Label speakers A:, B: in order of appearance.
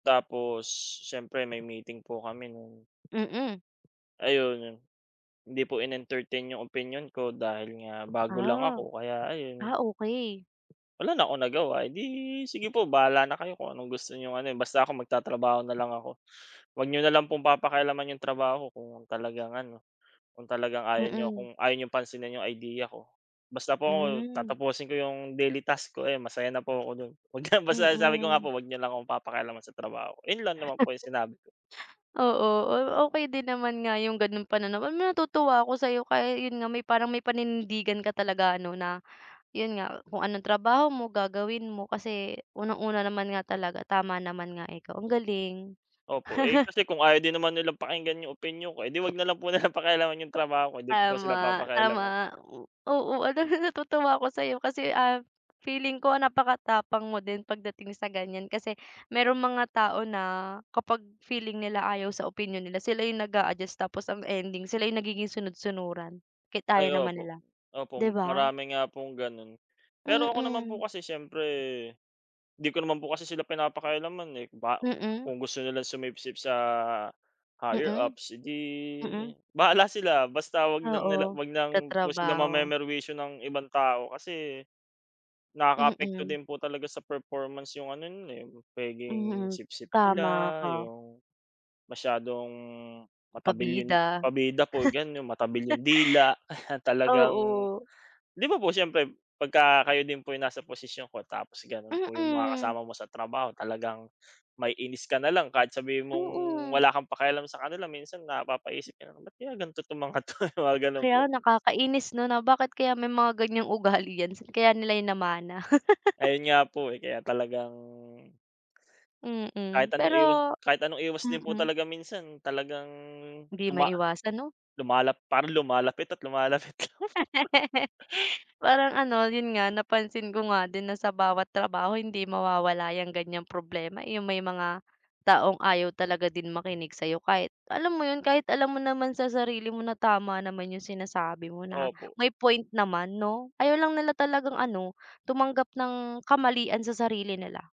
A: Tapos siyempre may meeting po kami nun
B: Mm.
A: ayun yun. Hindi po in-entertain yung opinyon ko, dahil nga bago lang
B: Ah,
A: ako kaya ayun
B: ah, okey.
A: wala na akong nagawa, "Edi sige po bahala na kayo kung anong gusto niyong ano, eh, basta ako magtatrabaho na lang ako, Huwag niyo na lang pong papakialaman iyong trabaho ko kung talagang ano, kung talagang ayaw niyo
B: Mm.
A: kung ayaw niyong pansinin iyong idea ko. Basta po ako,
B: Hmm.
A: tatapusin ko iyong daily task ko, ayun masaya na po ako doon." pagka sabi ko nga
B: Mm.
A: "Huwag niyo lang akong papakialaman sa trabaho". Iyon lang naman po yung sinabi ko.
B: Oo, okey din naman nga yung ganoong panan natutuwa ako sayo kaya yun nga may parang may paninindigan ka talaga, ano na yun nga, kung anong trabaho mo, gagawin mo. Kasi unang-una naman nga talaga, tama naman nga ikaw. Ang galing.
A: Opo, eh, kasi kung ayaw din naman nilang pakinggan yung opinyon ko, eh, di wag nalang po nilang pakialaman yung trabaho ko di ko po sila
B: Tama, tama,
A: papakialaman.
B: oo. Alam mo na natutuwa ako sayo, ah, kasi feeling ko napakatapang mo din pagdating sa ganyan kasi merong mga tao na kapag feeling nila ayaw sa opinyon nila, sila yung nag-aadjust tapos ang ending sila yung nagiging sunod-sunuran kahit
A: Ay,
B: ayaw naman
A: opo,
B: nila,
A: opo
B: di ba?
A: marami nga pong ganun. Pero ako naman po
B: Mm.
A: kasi siyempre, di ko naman po kasi sila pinapakialaman, eh, ba
B: Mm.
A: kung gusto nilang sumipsip sa higher
B: Mm,
A: ups, edi
B: mm.
A: bahala sila, basta wag lang nila
B: Oo,
A: wag ng sila
B: katrabaho.
A: mame-merwisyo ng ibang tao kasi, nakaapekto
B: Mm.
A: din po talaga sa performance yung ano nun, eh, pwedeng
B: Mhm,
A: sipsip
B: tama
A: nila,
B: ka.
A: yung masyadong matabil yung
B: Pabida.
A: pabida po ganun. yung matabil yung dila, talagang
B: Oo.
A: di ba po siyempre pagka kayo din po yung nasa posisyon ko tapos ganun po yung mga
B: Mm.
A: kasama mo sa trabaho talagang maiinis ka nalang kahit sabihin mong
B: Oo.
A: wala kang pakialam sa kanila minsan napapaisip ka ba nalang, bakit kaya ganto itong mga to, ganun
B: Kaya
A: po.
B: nakakainis no na bakit kaya may mga ganyang ugali yan saan kaya nila namana?
A: Ayun nga po, eh, kaya talagang kahit
B: Mm,
A: anong iwas
B: pero
A: kahit anong iwas din po
B: mm.
A: talaga minsan talagang
B: Di
A: tuma
B: maiwasan no?
A: lumalap parang lumalapit at lumalapit lang.
B: Parang ano, yun nga, napansin ko nga din na sa bawat trabaho hindi mawawala yung ganyang problema, eh, yung may mga taong ayaw talaga din makinig sayo, kahit alam mo yun? Kahit alam mo naman sa sarili mo na tama naman yung sinasabi mo na
A: Opo.
B: may point naman no? Ayaw lang talagang ano, tumanggap ng kamalian sa sarili nila.